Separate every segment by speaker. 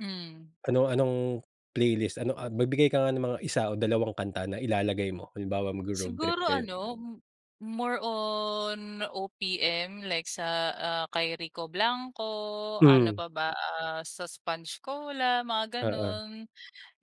Speaker 1: Mm.
Speaker 2: Ano-anong playlist, ano, ah, magbigay ka nga ng mga 1 o 2 kanta na ilalagay mo. Halimbawa, magro-road trip
Speaker 1: Siguro
Speaker 2: kayo.
Speaker 1: ano, more on OPM like sa, ah, kay Rico Blanco, ano
Speaker 2: Mm.
Speaker 1: pa ba, ah, sa Sponge Cola, mga
Speaker 2: Oo.
Speaker 1: gano'n.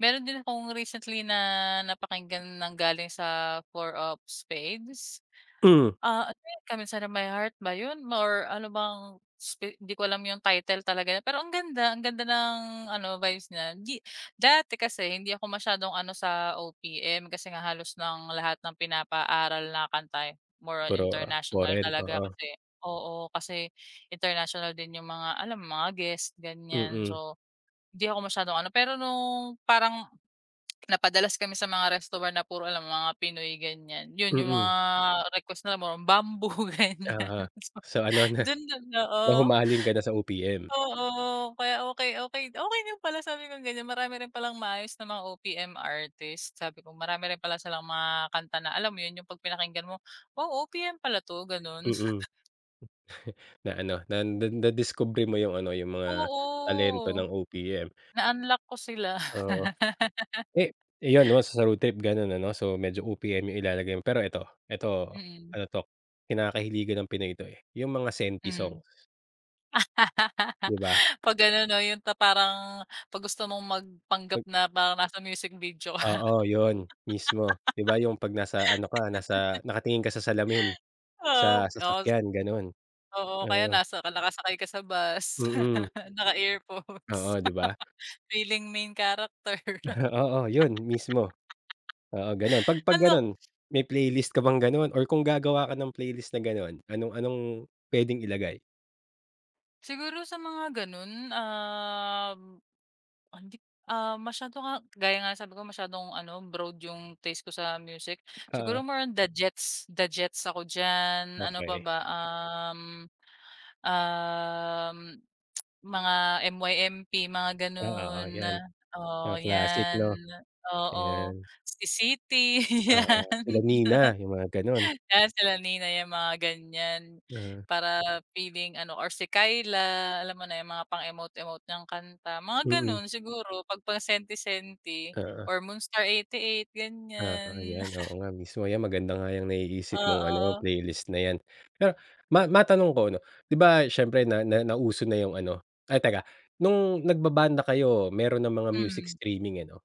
Speaker 1: Meron din akong recently na napakinggan nanggaling sa Four of Spades.
Speaker 2: Mm.
Speaker 1: Ah, ano 'yun, Come Inside of My Heart ba 'yun, more ano bang sp 'di ko alam 'yung title talaga, pero ang ganda, ang ganda ng ano vibes nya. 'Di dati kasi hindi ako masyadong ano sa OPM kasi nga halos ng lahat ng pinapaaral na kanta, eh, more on
Speaker 2: Puro, ah,
Speaker 1: international
Speaker 2: foreign,
Speaker 1: talaga
Speaker 2: oo.
Speaker 1: kasi oo. Kasi international din 'yung mga, alam mo, mga guest, ganiyan
Speaker 2: Mm.
Speaker 1: so, hindi ako masyadong ano. Pero nung parang napadalas kami sa mga resto bar na puro lang mga Pinoy, ganiyan, 'yun 'yung
Speaker 2: Mm.
Speaker 1: mga request na more on Bamboo, ganiyan.
Speaker 2: Uh-huh.
Speaker 1: So,
Speaker 2: So, ano na,
Speaker 1: dun dun oo.
Speaker 2: nahumaling ka na sa OPM.
Speaker 1: Oo. Kaya, "Okey, okey, okey din pala," sabi kong ganiyan. "Marami rin palang maayos na mga OPM artist," sabi ko. Marami rin pala silang mga kanta na alam mo 'yun, 'yung 'pag pinakinggan mo, "Wow, OPM pala 'to,"
Speaker 2: Mm.
Speaker 1: ganun.
Speaker 2: Na ano, na na nadiskubre mo 'yung ano, 'yung mga talento
Speaker 1: Oo.
Speaker 2: ng OPM.
Speaker 1: Na-unlock ko sila.
Speaker 2: Oo. Eh, eh, 'yon 'no sound trip gano'n ano, so medyo OPM 'yung ilalagay mo. Pero 'eto, 'eto,
Speaker 1: Mm.
Speaker 2: ano 'to, kinakahiligan ng Pinoy ito, eh, 'yung mga senti
Speaker 1: Mm.
Speaker 2: songs. 'Di ba?
Speaker 1: 'Pag ano 'no, 'yung ta parang 'pag gusto mong magpanggap
Speaker 2: 'Pag
Speaker 1: na parang nasa music video ka.
Speaker 2: Oo, 'yun, mismo. 'Di ba 'yung 'pag nasa ano ka, nasa nakatingin ka sa salamin,
Speaker 1: Oo,
Speaker 2: sa
Speaker 1: oo, s
Speaker 2: sasakyan, gano'n.
Speaker 1: oo, o kaya
Speaker 2: Oo.
Speaker 1: nasa ka nakasakay ka sa bus,
Speaker 2: Mm.
Speaker 1: naka-earphones.
Speaker 2: Oo, 'di ba?
Speaker 1: Feeling main character.
Speaker 2: Oo, 'yun mismo. Oo, ganun. 'Pag 'pag
Speaker 1: Ano
Speaker 2: ganun, may playlist ka bang gano'n or kung gagawa ka ng playlist na gano'n, anong anong puwedeng ilagay?
Speaker 1: Siguro sa mga ganun, um, hindi, ah, masyado nga gaya nga sabi ko masyadong ano, broad 'yung taste ko sa music.
Speaker 2: Oo.
Speaker 1: Siguro more on The Jets, The Jets ako diyan, ano pa
Speaker 2: Okey.
Speaker 1: ba, um, um, mga MYMP, mga
Speaker 2: Ah, oo,
Speaker 1: ganun.
Speaker 2: 'yan.
Speaker 1: Oo,
Speaker 2: Mga classic
Speaker 1: 'yan.
Speaker 2: 'no.
Speaker 1: Oo.
Speaker 2: Ayan.
Speaker 1: Si Sitti,
Speaker 2: Oo.
Speaker 1: 'yan.
Speaker 2: Sila Nina, 'yung mga gano'n.
Speaker 1: 'Yan sila Nina, 'yan mga ganiyan
Speaker 2: Mm.
Speaker 1: para feeling ano, or si Kyla, alam mo na 'yung mga pang emote-emote niyang kanta, mga
Speaker 2: Mm.
Speaker 1: gano'n siguro 'pag pang senti-senti
Speaker 2: Oo.
Speaker 1: or Moonstar88,
Speaker 2: Oo
Speaker 1: ganiyan.
Speaker 2: 'yan, oo nga mismo, 'yan maganda nga 'yang naiisip mong ano,
Speaker 1: Oo.
Speaker 2: playlist na 'yan. Ah, ma matanong ko ano, 'di ba siyempre na na nauso na 'yung ano ay teka, nung nagbabanda kayo meron ng mga music
Speaker 1: Mm.
Speaker 2: streaming ano?